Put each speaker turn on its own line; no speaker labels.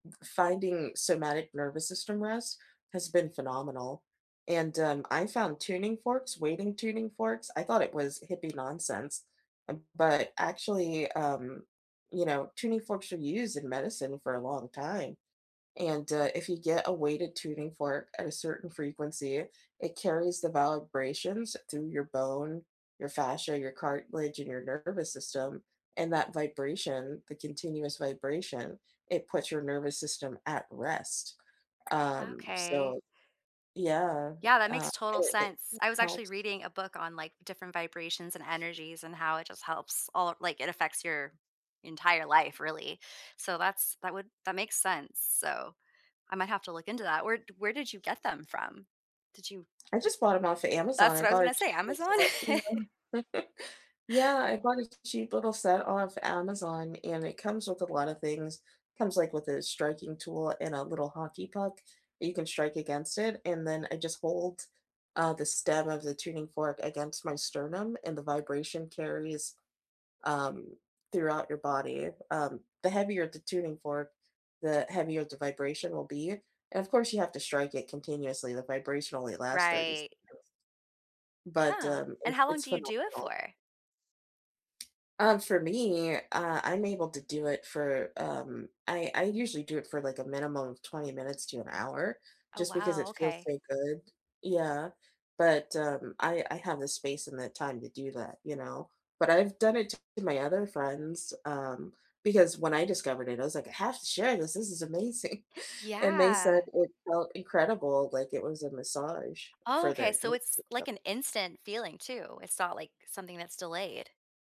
F finding somatic nervous system rest has been phenomenal. And, um, I found tuning forks, weighting tuning forks, I thought it was hippie nonsense, uh, but, actually, um, you know, tuning forks are used in medicine for a long time, And, uh, if you get a weighted tuning fork at a certain frequency, it carries the vibrations through your bone, your fascia, your cartilage and your nervous system, and that vibration, the continuous vibration, it puts your nervous system at rest. Um,
Okay.
so, yeah,
Yeah, that
uh,
makes total
it it
sense, I was actually
helps.
reading a book on, like, different vibrations and energies and how it just helps all like, it affects your entire life, really, so that's that would that makes sense. So, I might have to look into that. Where di where did you get them from? Did you
I just bought 'em off of Amazon,
That's
I
what I was
bought a
gonna say,
cheap little
Amazon?
set, yeah. Yeah, I bought a cheap little set off Amazon and it comes with a lot of things; comes, like, with a striking tool and a little hockey puck that you can strike against it, and then I just hold, uh, the stem of the tuning fork against my sternum and the vibration carries, um, throughout your body, um, the heavier the tuning fork, the heavier the vibration will be, and of course you have to strike it continuously, the vibration only lasts 30
Right.
seconds, but,
Huh,
um,
and
it
how long
it's
do you do it
phenomenal.
for?
Um, for me, uh, I'm able to do it for, um, I I usually do it for, like, a minimum of 20 minutes to an hour
Oh,
just because
wow.
it feels
Okay.
so good. Yeah, but, um, I I have the space and the time to do that, you know, but I've done it to my other friends, um, because when I discovered it, I was like, "I have to share this, this is amazing, “and they said
Yeah.
"it felt incredible," like, it was a massage
Oh,
for
okay,
their
so
nervous
it's like
system.
an instant feeling too, it's not like something that's delayed.